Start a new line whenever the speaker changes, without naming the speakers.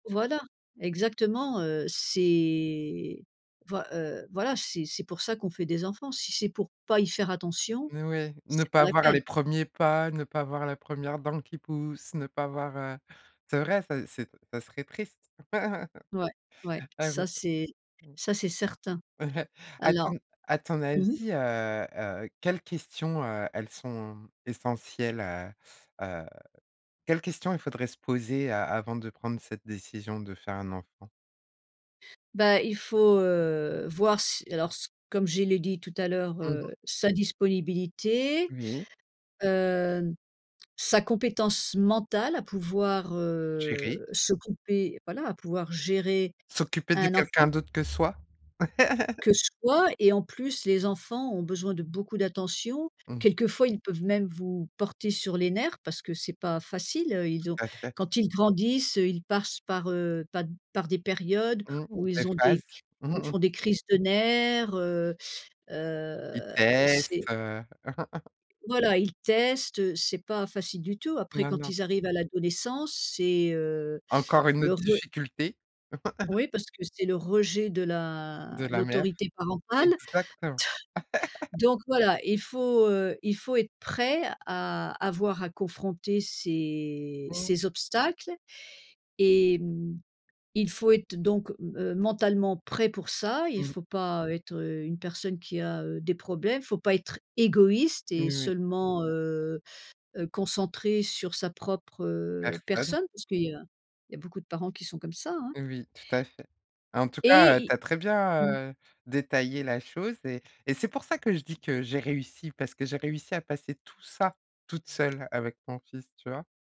Voilà exactement, heu, c'est voi heu, voilà, c'est c'est pour ça qu'on fait des enfants, si c'est pour pas y faire attention,
Et ouais, ne
c'est pas
pas
la
voir
peine.
les 1ers pas, ne pas voir la 1re dent qui pousse, ne pas voir, heu c'est vrai, ça c'est ça serait triste,
Ouais, ouais,
heu, oui.
ça c'est ça c'est certain.
Mmh. À
Alors
ton à ton
mmh mh.
avis, heu heu, quelles questions, heu, elles sont essentielles, heu heu, quelles questions il faudrait se poser a avant de prendre cette décision de faire un enfant?
Bah, il faut, heu, voir si alors s comme je l'ai dit tout à l'heure,
Mmh mh.
heu, sa disponibilité,
Oui.
hem, sa compétence mentale à pouvoir,
Gérer.
heu, s'occuper voilà, à pouvoir gérer
S'occuper de
un
quelqu'un
enfant.
d'autre que soi?
Que soi et en plus, les enfants ont besoin de beaucoup d'attention.
Mmh.
Quelquefois ils peuvent même vous porter sur les nerfs parce que c'est pas facile, heu, ils ont
Tout à fait.
quand ils grandissent, heu, ils passent par, heu, pa par des périodes
Mmh.
où
Des
ils ont
phases.
des c où ils font des crises de nerfs, heu,
Il
heu, c'est
teste, heu
Voilà, ils testent, heu, c'est pas facile du tout. Après
Non,
quand
non.
ils arrivent à l'adolescence, c'est, heu,
Encore une
le
autre
re
difficulté.
Oui, parce que c'est le rejet de la
De la mère.
l'autorité parentale.
Exactement.
Donc voilà, il faut, heu, il faut être prêt à avoir à confronter ces
Mmh.
ces obstacles et mmh, il faut être donc heu, mentalement prêt pour ça, il
Mmh.
faut pas être, heu, une personne qui a, heu, des problèmes, faut pas être égoïste et
Moui.
seulement, heu heu, concentré sur sa propre, heu,
Personne.
personne parce qu'il y a il y a beaucoup de parents qui sont comme ça, hein?
Oui, tout à fait. En tout cas, heu,
Et
tu as très
il mmh.
bien, heu, détaillé la chose et et c'est pour ça que je dis que j'ai réussi, parce que j'ai réussi à passer tout ça toute seule avec mon fils, tu vois?